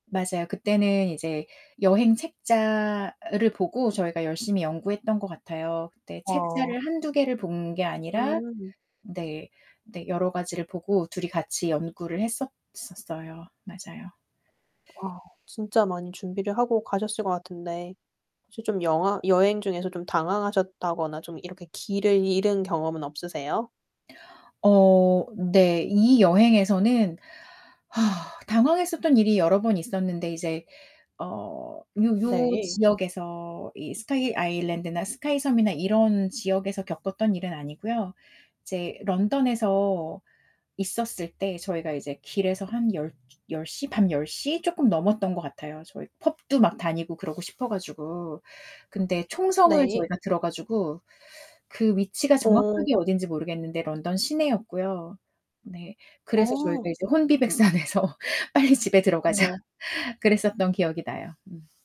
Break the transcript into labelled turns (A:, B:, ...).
A: 맞아요. 그때는 이제 여행 책자를 보고 저희가 열심히 연구했던 것 같아요. 그때
B: 어.
A: 책자를 1-2 개를 본 게 아니라
B: 음.
A: 네 네 여러 가지를 보고 2 이 같이 연구를 했었었어요. 맞아요.
B: 어. 진짜 많이 준비를 하고 가셨을 것 같은데 혹시 좀 영화 여행 중에서 좀 당황하셨다거나 좀 이렇게 길을 잃은 경험은 없으세요?
A: 어 네. 이 여행에서는 당황했었던 일이 여러 번 있었는데 이제 어 요 요
B: 네.
A: 지역에서 이 스카이 아일랜드나 스카이 섬이나 이런 지역에서 겪었던 일은 아니고요. 이제 런던에서 있었을 때 저희가 이제 길에서 한 열 10:00 밤 10:00 쪼끔 넘었던 것 같아요. 저희 펍도 막 다니고 그러고 싶어 가지고. 근데 총성을
B: 네.
A: 저희가 들어 가지고 그 위치가
B: 어.
A: 정확하게 어딘지 모르겠는데 런던 시내였고요. 네. 그래서 저희가
B: 어.
A: 이제 혼비백산해서 "빨리 집에 들어가자."
B: 어머.
A: 그랬었던 기억이 나요. 음.